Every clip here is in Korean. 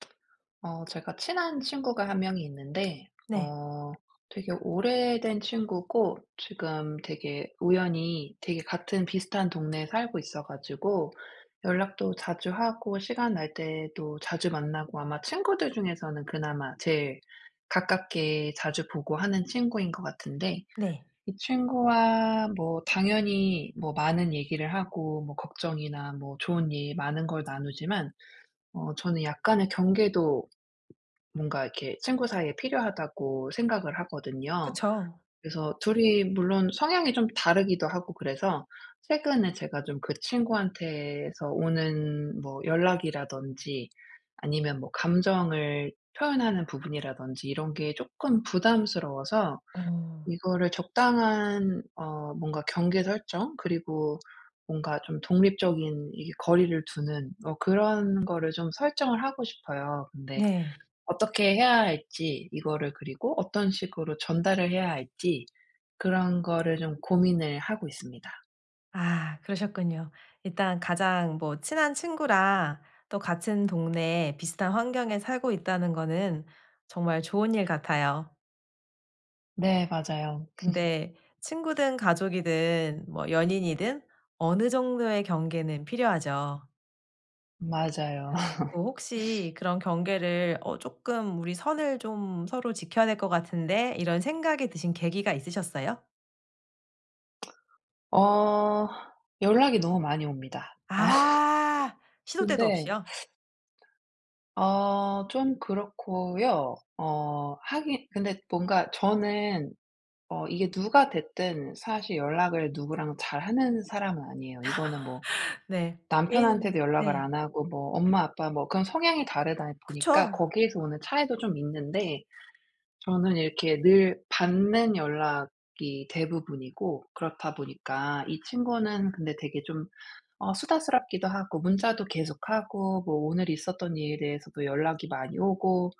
어 제가 친한 친구가 1 명이 있는데 네. 어 되게 오래된 친구고 지금 되게 우연히 되게 같은 비슷한 동네에 살고 있어 가지고 연락도 자주 하고 시간 날 때도 자주 만나고 아마 친구들 중에서는 그나마 제일 가깝게 자주 보고 하는 친구인 것 같은데 네. 이 친구와 뭐 당연히 뭐 많은 얘기를 하고 뭐 걱정이나 뭐 좋은 일 많은 걸 나누지만 어 저는 약간의 경계도 뭔가 이렇게 친구 사이에 필요하다고 생각을 하거든요. 그쵸. 그래서 2 이 물론 성향이 좀 다르기도 하고 그래서 최근에 제가 좀 그 친구한테서 오는 뭐 연락이라든지 아니면 뭐 감정을 표현하는 부분이라든지 이런 게 쪼끔 부담스러워서 어. 이거를 적당한 어 뭔가 경계 설정? 그리고 뭔가 좀 독립적인 이렇게 거리를 두는 뭐 그런 거를 좀 설정을 하고 싶어요. 근데 네. 어떻게 해야 할지 이거를 그리고 어떤 식으로 전달을 해야 할지 그런 거를 좀 고민을 하고 있습니다. 아 그러셨군요. 일단 가장 뭐 친한 친구라 또 같은 동네에 비슷한 환경에 살고 있다는 거는 정말 좋은 일 같아요. 네 맞아요. 근데 친구든 가족이든 뭐 연인이든 어느 정도의 경계는 필요하죠. 맞아요. 어 혹시 그런 경계를 어 쪼끔 '우리 선을 좀 서로 지켜야 될 것 같은데?' 이런 생각이 드신 계기가 있으셨어요? 어 연락이 너무 많이 옵니다. 어 아 시도 때도 근데 없이요? 아 좀 그렇고요. 어 하긴 근데 뭔가 저는 어 이게 누가 됐든 사실 연락을 누구랑 잘 하는 사람은 아니에요. 이거는 뭐 네. 개인 남편한테도 연락을 네. 안 하고 뭐 엄마 아빠 뭐 그런 성향이 다르다 보니까 그쵸. 거기에서 오는 차이도 좀 있는데 저는 이렇게 늘 받는 연락이 대부분이고 그렇다 보니까 이 친구는 근데 되게 좀 어 수다스럽기도 하고 문자도 계속 하고 뭐 오늘 있었던 일에 대해서도 연락이 많이 오고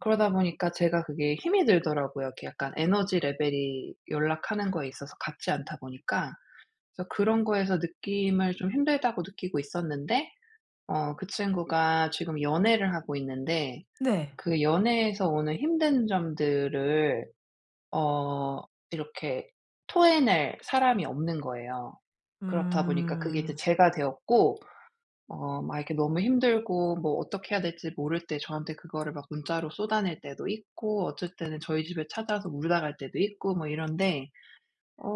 그러다 보니까 제가 그게 힘이 들더라고요. 그 약간 에너지 레벨이 연락 하는 거에 있어서 같지 않다 보니까 그래서 그런 거에서 느낌을 좀 힘들다고 느끼고 있었는데 어 그 친구가 지금 연애를 하고 있는데 네. 그 연애에서 오는 힘든 점들을 어 이렇게 토해낼 사람이 없는 거예요. 그렇다 보니까 그게 이제 음. 제가 되었고 어 막 이렇게 너무 힘들고 뭐 어떻게 해야 될지 모를 때 저한테 그거를 막 문자로 쏟아낼 때도 있고 어쩔 때는 저희 집에 찾아서 울다 갈 때도 있고 뭐 이런데. 어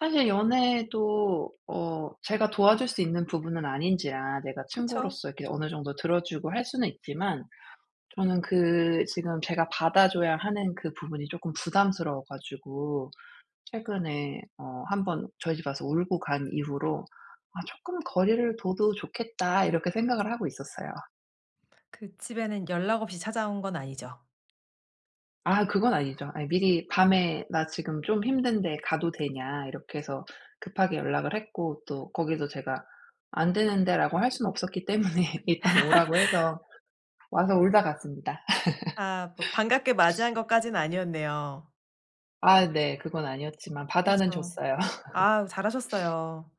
사실 연애도 어 제가 도와줄 수 있는 부분은 아닌지라 내가 그쵸. 친구로서 이렇게 어느 정도 들어 주고 할 수는 있지만 저는 그 지금 제가 받아 줘야 하는 그 부분이 쪼끔 부담스러워가지고 최근에 어 1 번 저희 집에 와서 울고 간 이후로 '아 조금 거리를 둬도 좋겠다.' 이렇게 생각을 하고 있었어요. 그 집에는 연락 없이 찾아온 건 아니죠? 아 그건 아니죠. 미리 밤에 "나 지금 좀 힘든데 가도 되냐?" 이렇게 해서 급하게 연락을 했고 또 거기서 제가 "안 되는데."라고 할 수는 없었기 때문에 일단 오라고 해서 와서 울다 갔습니다. 아 뭐 반갑게 맞이한 것까진 아니었네요. 아 네. 그건 아니었지만 받아는 그쵸. 줬어요. 아 잘하셨어요.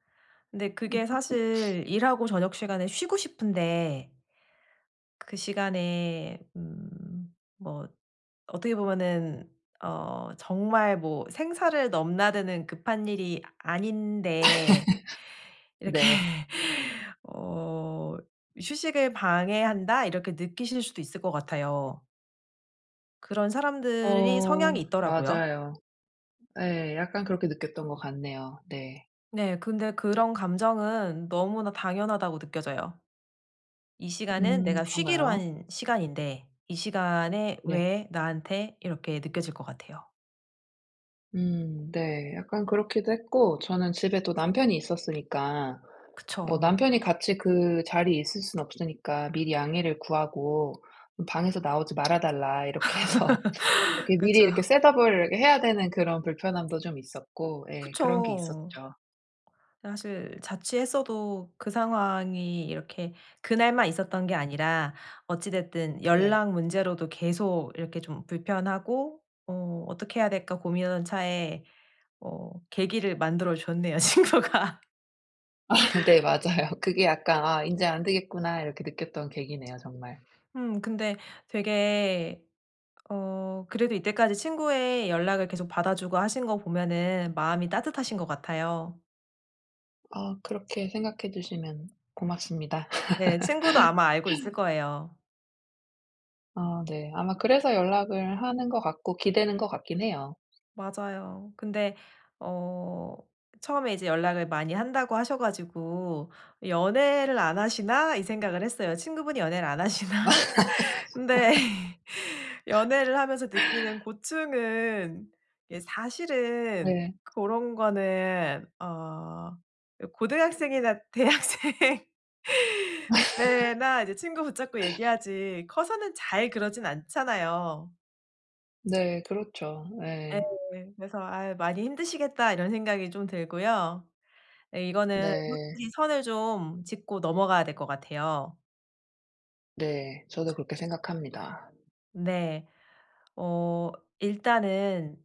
근데 그게 사실 일하고 저녁 시간에 쉬고 싶은데 그 시간에 음 뭐 어떻게 보면은 어 정말 뭐 생사를 넘나드는 급한 일이 아닌데 이렇게 네. 어 휴식을 방해한다 이렇게 느끼실 수도 있을 것 같아요. 그런 사람들이 어. 성향이 있더라고요. 맞아요. 예 약간 그렇게 느꼈던 것 같네요. 네. 네. 근데 그런 감정은 너무나 당연하다고 느껴져요. '이 시간은 음. 내가 쉬기로 그런가요? 한 시간인데 이 시간에 네. 왜 나한테?' 이렇게 느껴질 것 같아요. 음 네. 약간 그렇기도 했고 저는 집에 또 남편이 있었으니까 뭐 그쵸. 남편이 같이 그 자리에 있을 순 없으니까 미리 양해를 구하고 방에서 나오지 말아 달라 이렇게 해서 이렇게 미리 그쵸. 이렇게 셋업을 해야 되는 그런 불편함도 좀 있었고 예 그런 게 그쵸. 있었죠. 사실 자취했어도 그 상황이 이렇게 그 날만 있었던 게 아니라 어찌 됐든 네. 연락 문제로도 계속 이렇게 좀 불편하고 어 '어떻게 해야 될까?' 고민하던 차에 어 계기를 만들어 줬네요 친구가. 네 맞아요. 그게 약간 '아 인제 안되겠구나.' 이렇게 느꼈던 계기네요 정말. 음 근데 되게 어 그래도 이때까지 친구의 연락을 계속 받아 주고 하신 것 보면은 마음이 따뜻하신 것 같아요. 아 그렇게 생각해 주시면 고맙습니다. 네 친구도 아마 알고 있을 거에요. 아 네. 아마 그래서 연락을 하는 것 같고 기대는 것 같긴 해요. 맞아요. 근데 어 처음에 이제 연락을 많이 한다고 하셔 가지고 '연애를 안 하시나?' 이 생각을 했어요. 친구분이 연애를 안 맞아 하시나? 근데 연애를 하면서 느끼는 고충은 예 사실은 네. 고런 거는 어 요 고등학생이나 대학생 때나 이제 친구 붙잡고 얘기하지 커서는 잘 그러진 않잖아요. 네. 그렇죠. 예. 예. 그래서 아 '많이 힘드시겠다' 이런 생각이 좀 들고요. 이거는 네. 솔직히 선을 좀 짚고 넘어가야 될 것 같아요. 네. 저도 그렇게 생각합니다. 네. 어 일단은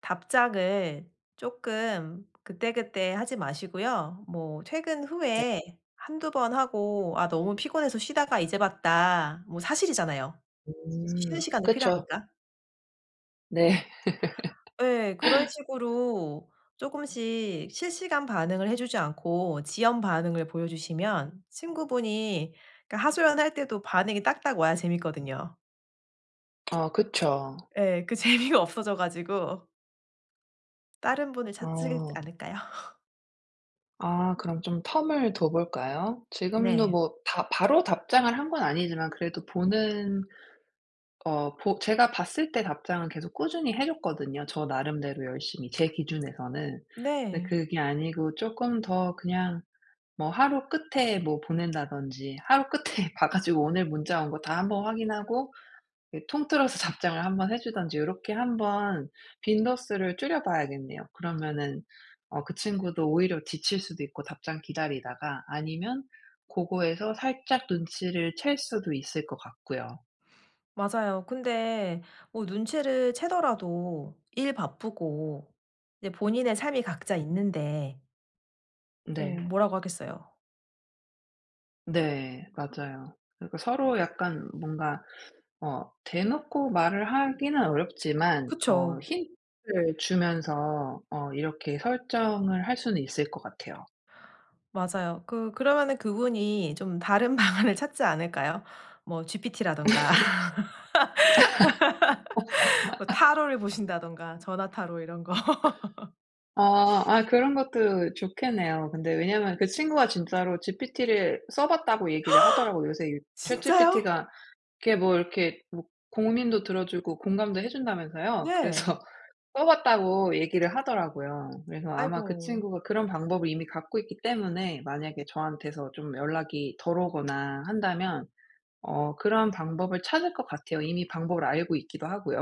답장을 쪼끔 그때그때 하지 마시고요. 뭐 퇴근 네. 후에 1-2 번 하고 "아 너무 피곤해서 쉬다가 이제 봤다." 뭐 사실이잖아요, 쉬는 음 시간도 그쵸. 필요하니까. 네. 예. 그런 식으로 쪼끔씩 실시간 반응을 해주지 않고 지연 반응을 보여주시면 친구분이 그러니까 그 하소연할 때도 반응이 딱딱 와야 재밌거든요. 어 그쵸. 예. 그 재미가 없어져 가지고 다른 분을 찾지 아. 않을까요? 아 그럼 좀 텀을 둬 볼까요? 지금도 네. 뭐 다 바로 답장을 한 건 아니지만 그래도 보는 어 보 제가 봤을 때 답장은 계속 꾸준히 해 줬거든요, 저 나름대로 열심히 제 기준에서는. 근데 네. 그게 아니고 쪼끔 더 그냥 뭐 하루 끝에 뭐 보낸다든지 하루 끝에 봐 가지고 오늘 문자 온 거 다 1 번 확인하고 이 통틀어서 답장을 1 번 해주든지 요렇게 한번 빈도수를 줄여 봐야겠네요. 그러면은 어 그 친구도 오히려 지칠 수도 있고 답장 기다리다가 아니면 고거에서 살짝 눈치를 챌 수도 있을 것 같고요. 맞아요. 근데 어 눈치를 채더라도 일 바쁘고 네 본인의 삶이 각자 있는데 어 네. 뭐라고 하겠어요? 네 맞아요. 그러니까 서로 약간 뭔가 어 대놓고 말을 하기는 어렵지만 어 그쵸. 힌트를 주면서 어 이렇게 설정을 할 수는 있을 것 같아요. 맞아요. 그 그러면은 그 분이 좀 다른 방안을 찾지 않을까요? 뭐 GPT라든가 뭐 타로를 보신다든가 전화 타로 이런 거. 아 아 그런 것도 좋겠네요. 근데 왜냐하면 그 친구가 진짜로 GPT를 써 봤다고 얘기를 하더라고요. 요새 이 진짜요? ChatGPT가 이렇게 뭐 이렇게 뭐 고민도 들어 주고 공감도 해 준다면서요? 네. 그래서 써 봤다고 얘기를 하더라고요. 그래서 아마 그 아이고. 친구가 그런 방법을 이미 갖고 있기 때문에 만약에 저한테서 좀 연락이 덜 오거나 한다면 어 그런 방법을 찾을 것 같아요. 이미 방법을 알고 있기도 하고요.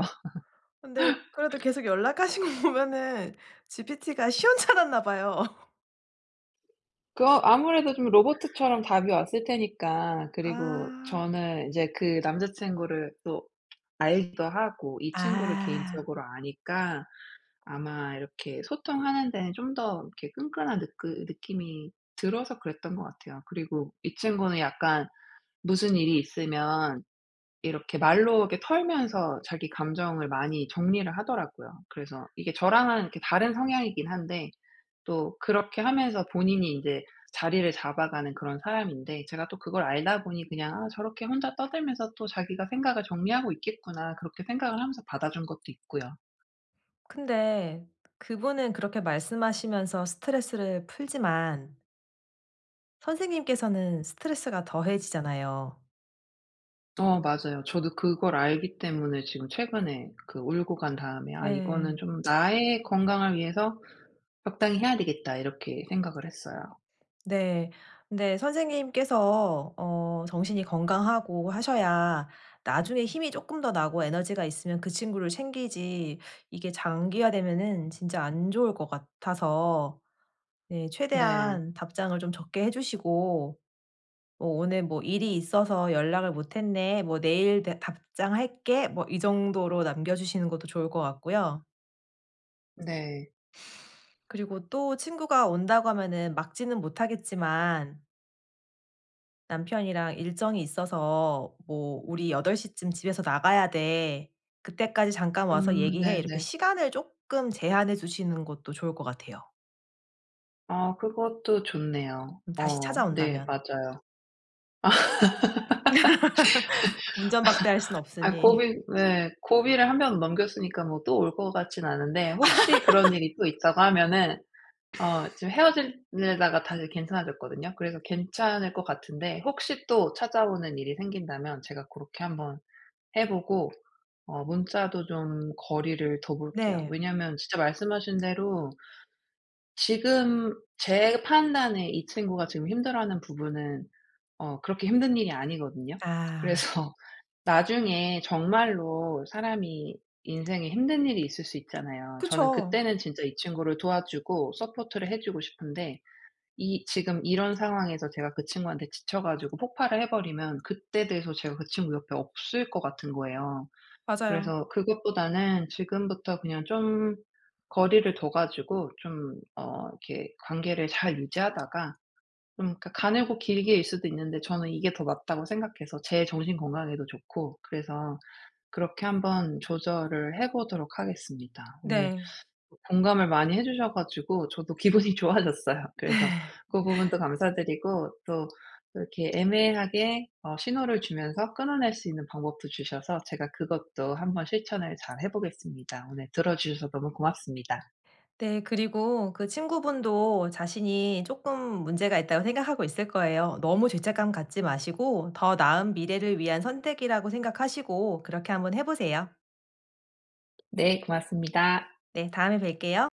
근데 그래도 계속 연락하신 거 보면은 GPT가 시원찮았나 봐요. 그거 아무래도 좀 로봇처럼 답이 왔을 테니까 그리고 아. 저는 이제 그 남자 친구를 또 알기도 하고 이 친구를 아. 개인적으로 아니까 아마 이렇게 소통하는 데는 좀 더 이렇게 끈끈한 느끄 느낌이 들어서 그랬던 것 같아요. 그리고 이 친구는 약간 무슨 일이 있으면 이렇게 말로 이렇게 털면서 자기 감정을 많이 정리를 하더라고요. 그래서 이게 저랑은 이렇게 다른 성향이긴 한데 또 그렇게 하면서 본인이 이제 자리를 잡아가는 그런 사람인데 제가 또 그걸 알다 보니 그냥 '아 저렇게 혼자 떠들면서 또 자기가 생각을 정리하고 있겠구나.' 그렇게 생각을 하면서 받아준 것도 있고요. 근데 그분은 그렇게 말씀하시면서 스트레스를 풀지만 선생님께서는 스트레스가 더해지잖아요. 어. 맞아요. 저도 그걸 알기 때문에 지금 최근에 그 울고 간 다음에 '아 예. 이거는 좀 나의 건강을 위해서 적당히 해야 되겠다.' 이렇게 생각을 했어요. 네. 근데 선생님께서 어 정신이 건강하고 하셔야 나중에 힘이 쪼끔 더 나고 에너지가 있으면 그 친구를 챙기지 이게 장기화되면은 진짜 안 좋을 것 같아서 네 네. 최대한 답장을 좀 적게 해 주시고 어 '오늘 뭐 일이 있어서 연락을 못 했네. 뭐 내일 내 답장할게.' 뭐 이 정도로 남겨 주시는 것도 좋을 것 같고요. 네. 그리고 또 친구가 온다고 하면은 막지는 못하겠지만 남편이랑 일정이 있어서 뭐 "우리 8:00 쯤 집에서 나가야 돼. 그때까지 잠깐 와서 음 얘기해." 이렇게 네네. 시간을 조금 제한해 두시는 것도 좋을 것 같아요. 아 그것도 좋네요. 음 다시 어 네 찾아온다면. 맞아요. 아. 문전 박대할 순 아 없으니. 고비 네 고비를 한 번 넘겼으니까 뭐 또 올 것 같지는 않은데 혹시 그런 일이 또 있다고 하면은 어 지금 헤어지려다가 다시 괜찮아졌거든요? 그래서 괜찮을 것 같은데 혹시 또 찾아오는 일이 생긴다면 제가 고렇게 한번 해보고 어 문자도 좀 거리를 둬 볼게요. 네. 왜냐하면 진짜 말씀하신 대로 지금 제 판단에 이 친구가 지금 힘들어하는 부분은 어 그렇게 힘든 일이 아니거든요? 아. 그래서 나중에 정말로 사람이 인생에 힘든 일이 있을 수 있잖아요. 저는 그쵸. 그때는 진짜 이 친구를 도와 주고 서포트를 해 주고 싶은데 이 지금 이런 상황에서 제가 그 친구한테 지쳐 가지고 폭발을 해버리면 그때 돼서 제가 그 친구 옆에 없을 것 같은 거예요. 맞아요. 그래서 그것보다는 지금부터 그냥 좀 거리를 둬 가지고 좀 어 이렇게 관계를 잘 유지하다가 좀 그러니까 가늘고 길게 일 수도 있는데 저는 '이게 더 맞다.'고 생각해서 제 정신건강에도 좋고 그래서 그렇게 한번 조절을 해 보도록 하겠습니다. 오늘 네. 공감을 많이 해주셔 가지고 저도 기분이 좋아졌어요. 그래서 그 부분도 감사 드리고 또 이렇게 애매하게 어 신호를 주면서 끊어낼 수 있는 방법도 주셔서 제가 그것도 한번 실천을 잘 해 보겠습니다. 오늘 들어주셔서 너무 고맙습니다. 네 그리고 그 친구분도 자신이 쪼끔 문제가 있다고 생각하고 있을 거예요. 너무 죄책감 갖지 마시고 더 나은 미래를 위한 선택이라고 생각하시고 그렇게 한번 해 보세요. 네 고맙습니다. 네 다음에 뵐게요.